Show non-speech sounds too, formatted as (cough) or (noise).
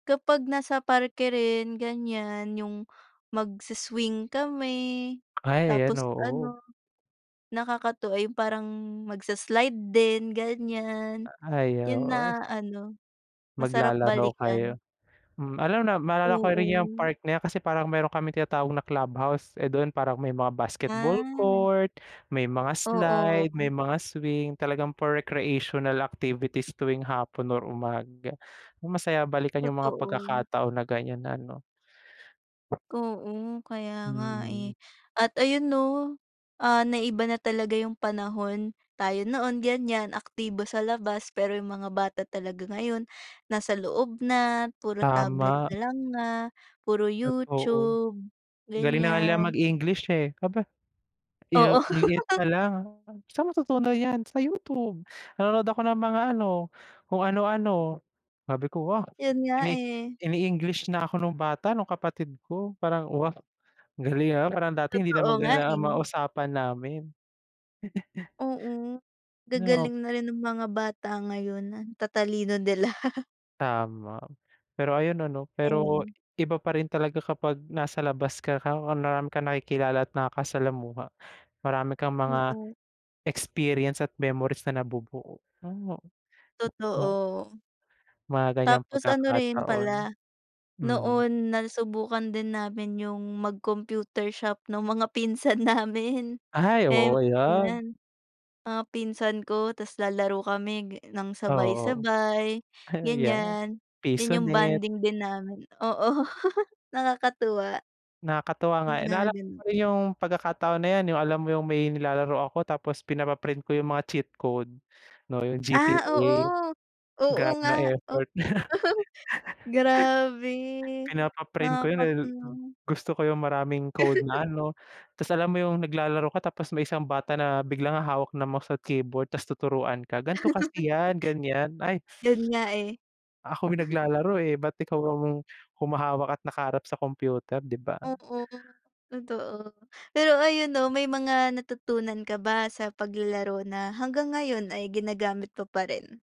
Kapag nasa parke rin ganyan yung magsi-swing kami, Ay ayan, tapos oo. ano nakakatuwa ay yung parang magsa-slide din ganyan. Yun Ayaw, oh na ano masarap Maglalaro balikan. kayo, hmm, alam na maalala ko rin yung Oo. part na yan kasi parang meron kaming tinatawag na club house, eh, doon parang may mga basketball Ah. court, may mga slide, may Oo. mga swing, talagang for recreational activities tuwing hapon or umaga. Masaya balikan yung mga Totoo. pagkakataon na ganyan na ano. Oo, kaya nga eh Mm. at ayun 'no, ah, naiba na talaga yung panahon. Tayo noon ganyan aktibo sa labas pero yung mga bata talaga ngayon, nasa loob na, puro tablet Tama. na lang nga, puro Totoo. YouTube, Galing na nga nilang ganyan. mag-English eh, aba. Yu Oo. ang liit (laughs) pa lang, "Saan mo natutunan yan? Sa YouTube. Nanonood ako ng mga ano, kung ano-ano." Sabi ko, "Wow Yun nga ini eh. ini-English na ako nung bata, nung kapatid ko." Parang wow, galing ah, parang dati hindi naman Totoo nga ganyan ang mga eh. usapan namin. (laughs) Oo, Na op gagaling na rin ng mga bata ngayon, ang tatalino nila. (laughs) Tama. Pero ayun ano, pero Ayan. iba pa rin talaga kapag nasa labas ka raw, marami kang nakikilala at nakaka-salamuha. Marami kang mga Mm. experience at memories na nabubuo, oh ah. Totoo. Mga ganyang Tapos ano rin pagkakataon. pala, Mm. noon nasubukan din namin yung mag-computer shop nung mga pinsan namin Ay eh oo, ayan. ayan. Mga pinsan ko ta's lalaro kami ga ng Oo. sabay-sabay, Ah yeah, ganyan. Yan yung Pisonet. bonding din namin, oo nakakatuwa. Nakakatuwa nga Yung eh, mga naalala ko pa ganun. rin yung pagkakataon na yan, yung alam mo yung may nilalaro ako tapos pinapa-print ko yung mga cheat code 'no yung Ah, GTA. oo, oo Grabe nga, yung o effort. (laughs) grabe (laughs) Pinapa-print ko yun eh. nakakatuwa. Gusto ko yung maraming code (laughs) na ano, tas alam mo yung naglalaro ka, tapos may isang bata na biglang hahawak ng mouse at keyboard, tas tuturuan ka, gan'to (laughs) kasi yan ganyan, ay Yun nga eh. Ako yung (chuckles) naglalaro eh ba't ikaw ang humahawak at nakaharap sa computer, 'di ba? Oo, totoo. Pero ayun 'no, may mga natutunan ka ba sa paglalaro na hanggang ngayon ay ginagamit mo pa rin?